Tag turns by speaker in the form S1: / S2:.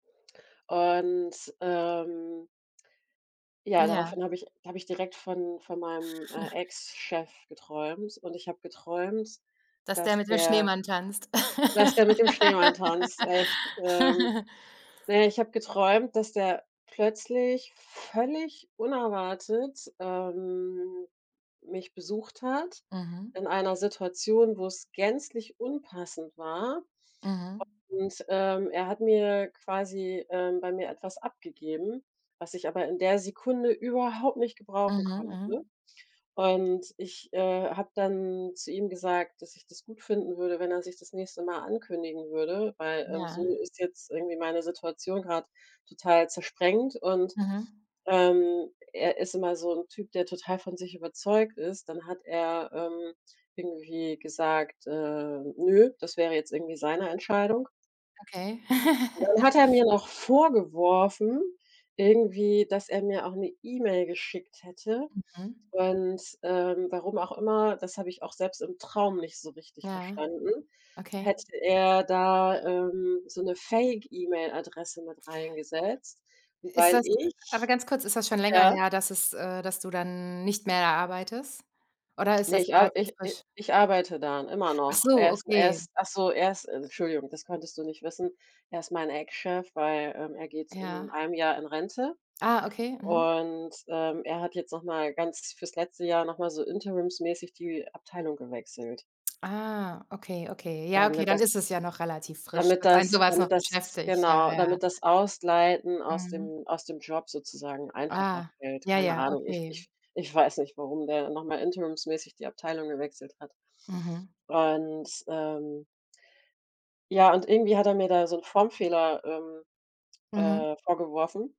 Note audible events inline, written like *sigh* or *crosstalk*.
S1: Und, ähm ja,
S2: Ja.
S1: daraufhin habe ich da habe ich direkt von von meinem, äh,
S2: *chuckles*
S1: Ex-Chef geträumt und ich habe geträumt,
S2: Dass der
S1: dass
S2: mit dem
S1: der
S2: Schneemann tanzt.
S1: dass der mit dem Schneemann tanzt, echt, ähm.
S2: *laughs*
S1: Na ja, ich habe geträumt, dass der plötzlich völlig unerwartet, ähm, mich besucht hat
S2: Mhm.
S1: in einer Situation, wo's gänzlich unpassend war.
S2: Mhm.
S1: Und, ähm, er hat mir quasi, ähm bei mir etwas abgegeben, was ich aber in der Sekunde überhaupt nicht gebrauchen
S2: Mhm,
S1: konnte.
S2: mhm.
S1: Und ich, äh, habe dann zu ihm gesagt, dass ich das gut finden würde, wenn er sich das nächste Mal ankündigen würde, weil, ähm,
S2: Ja.
S1: so ist jetzt irgendwie meine Situation grad total zersprengt und,
S2: Mhm.
S1: ähm, er ist immer so 'n Typ, der total von sich überzeugt ist. Dann hat er, ähm, irgendwie gesagt, äh, nö, das wäre jetzt irgendwie seine Entscheidung.
S2: Okay.
S1: Und dann
S2: *chuckles*
S1: hat er mir noch vorgeworfen irgendwie, dass er mir auch 'ne E-Mail geschickt hätte
S2: Mhm.
S1: und, ähm warum auch immer, das habe ich auch selbst im Traum nicht so richtig
S2: Ja.
S1: verstanden,
S2: Okay.
S1: hätte er da, ähm, so 'ne Fake-E-Mail-Adresse mit reingesetzt. Und
S2: Ist
S1: weil
S2: das aber
S1: ich
S2: ganz kurz, ist das schon länger
S1: ja?
S2: her, dass es, äh dass du dann nicht mehr da arbeitest oder ist
S1: Ne,
S2: das
S1: ich ar
S2: relativ
S1: ich i
S2: frisch?
S1: ich arbeite da n immer
S2: Ach
S1: noch.
S2: so,
S1: Er ist er
S2: okay.
S1: ist ach so, er ist
S2: Äh.
S1: Entschuldigung, das konntest du nicht wissen, er ist mein Ex-Chef, weil, ähm, er geht in
S2: Ja.
S1: 1 Jahr in Rente
S2: Ah, okay, mhm.
S1: und, ähm, er hat jetzt noch mal ganz fürs letzte Jahr noch mal so interimsmäßig die Abteilung gewechselt.
S2: Ah, okay, okay. Ja, okay,
S1: Damit
S2: dann
S1: das
S2: ist es ja noch relativ frisch,
S1: damit
S2: dass einen so
S1: das
S2: was
S1: damit
S2: noch
S1: das
S2: beschäftigt. Ja, ja,
S1: genau,
S2: ja.
S1: damit das Ausleiten aus
S2: Mhm.
S1: dem aus dem Job sozusagen einfacher
S2: Ah.
S1: fällt.
S2: Ja,
S1: Keine
S2: ja,
S1: Ahnung, ich
S2: okay.
S1: ich ich weiß nicht, warum der noch mal interimsmäßig die Abteilung gewechselt hat.
S2: Mhm.
S1: Und, ähm ja, und irgendwie hat er mir da so 'n Formfehler, ähm,
S2: Mhm.
S1: äh, vorgeworfen.